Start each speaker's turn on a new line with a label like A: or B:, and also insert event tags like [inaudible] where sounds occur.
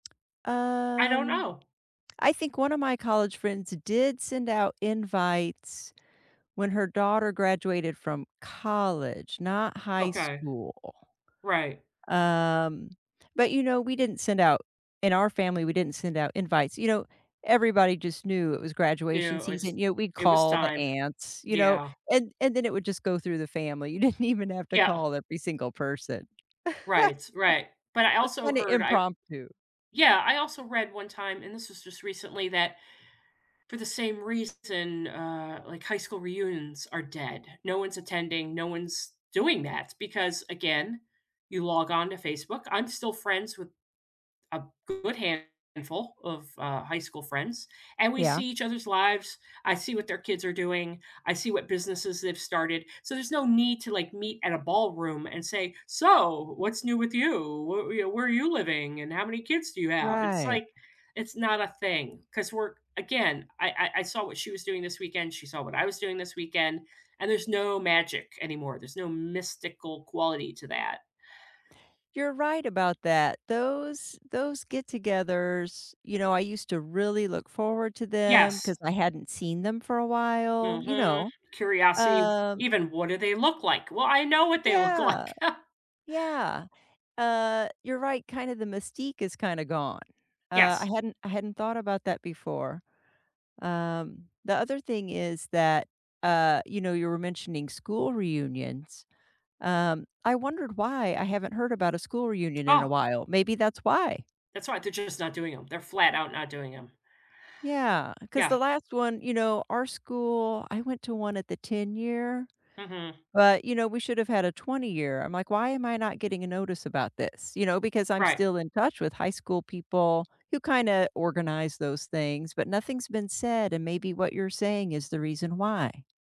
A: I don't
B: Um,
A: know.
B: I think one of my college friends did send out invites when her daughter graduated from college, not high
A: Okay.
B: school.
A: Right.
B: Um, but, you know, we didn't send out in our family, we didn't send out invites. You know, everybody just knew it was graduation
A: Yeah, it was
B: season; you know, we'd
A: it was
B: call the
A: time.
B: aunts, you know,
A: Yeah.
B: and and then it would just go through the family. You didn't even have to
A: Yeah.
B: call every single person. [laughs]
A: Right right. But I
B: Just
A: also
B: kinda
A: heard I
B: impromptu.
A: Yeah. I also read one time- and this was just recently- that for the same reason, uh, like, high school reunions are dead. No one's attending, no one's doing that because, again, you log on to Facebook I'm still friends with a good handful of, uh, high school friends, and we
B: Yeah.
A: see each other's lives, I see what their kids are doing, I see what businesses they've started, so, there's no need to, like, meet at a ballroom and say, "So, what's new with you? Whe you know, where are you living and how many kids do you have?" It's
B: Right.
A: like it's not a thing 'cause we're again, I I I saw what she was doing this weekend, she saw what I was doing this weekend, and there's no magic anymore, there's no mystical quality to that.
B: You're right about that. Those those get-togethers, you know, I used to really look forward to them,
A: Yes.
B: 'cause I hadn't seen them for a while, you
A: Mhm.
B: know?
A: Curiosity,
B: Um
A: even, "What do they look like?" "Well, I know what they look like."
B: Yeah,
A: [chuckles]
B: yeah. Uh, you're right, kind of the mystique is kinda gone. Uh, I
A: Yes.
B: hadn't I hadn't thought about that before. Um, the other thing is that uh, you know, you were mentioning school reunions, um, I wondered why I haven't heard about a school reunion in a
A: Oh.
B: while. Maybe that's why.
A: That's right, they're just not doing 'em. They're flat out not doing 'em.
B: Yeah, 'cause the
A: Yeah.
B: last one you know, our school I went to one at the ten-year,
A: Mhm.
B: but, you know, we should've had a twenty-year. I'm like, "Why am I not getting a notice about this?" You know? Because I'm
A: Right.
B: still in touch with high school people who kinda organize those things, but nothing's been said, and maybe what you're saying is the reason why.